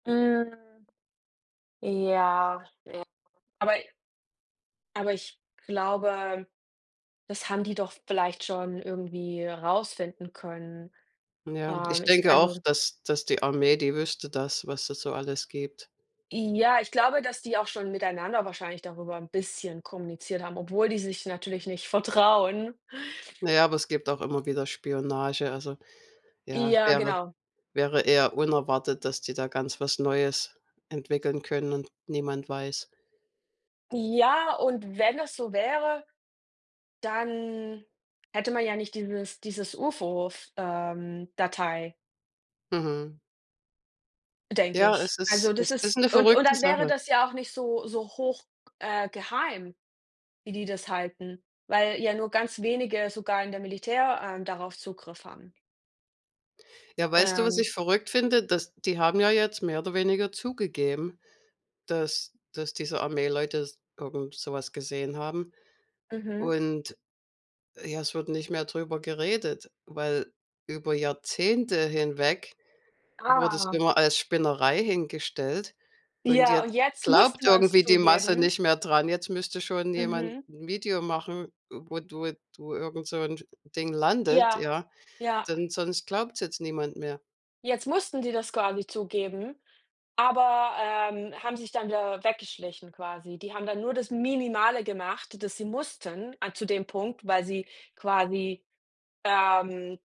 Hm, ja, ja. Aber aber ich glaube, das haben die doch vielleicht schon irgendwie rausfinden können. Ja, Ähm, ich ich denke auch, also dass dass die Armee, die wüsste das, was es so alles gibt. Ja, ich glaube, dass die auch schon miteinander wahrscheinlich darüber 'n bisschen kommuniziert haben, obwohl die sich natürlich nicht vertrauen. Na ja, aber es gibt auch immer wieder Spionage, also ja, es Ja, wäre genau. wäre eher unerwartet, dass die da ganz was Neues entwickeln können und niemand weiß. Ja, und wenn es so wäre, dann hätte man ja nicht dieses dieses UFO f ähm, Datei. Mhm. Denke Ja, ich. es ist Also das es ist ist 'ne und und verrückte dann wäre Sache. das ja auch nicht so so hoch, g äh, geheim, wie die das halten, weil ja nur ganz wenige sogar in der Militär, ähm, darauf Zugriff haben. Ja, weißt du, was Ähm ich verrückt finde? Dass die haben ja jetzt mehr oder weniger zugegeben, dass dass diese Armeeleute s irgend so was gesehen haben Mhm. und, ja, es wird nicht mehr drüber geredet, weil über Jahrzehnte hinweg wurde es Ah. immer als Spinnerei hingestellt. Und Ja und jetzt jetzt glaubt musste man's irgendwie die Masse zugeben. nicht mehr dran. Jetzt müsste schon jemand Mhm. 'n Video machen, wo du wo du irgend so 'n D Ding landet, Ja, ja, ja. denn sonst glaubt's jetzt niemand mehr. Jetzt mussten die das quasi zugeben, aber, ähm, haben sich dann wieder weggeschlichen quasi. Die haben dann nur das Minimale gemacht, das sie mussten a zu dem Punkt, weil sie quasi, ähm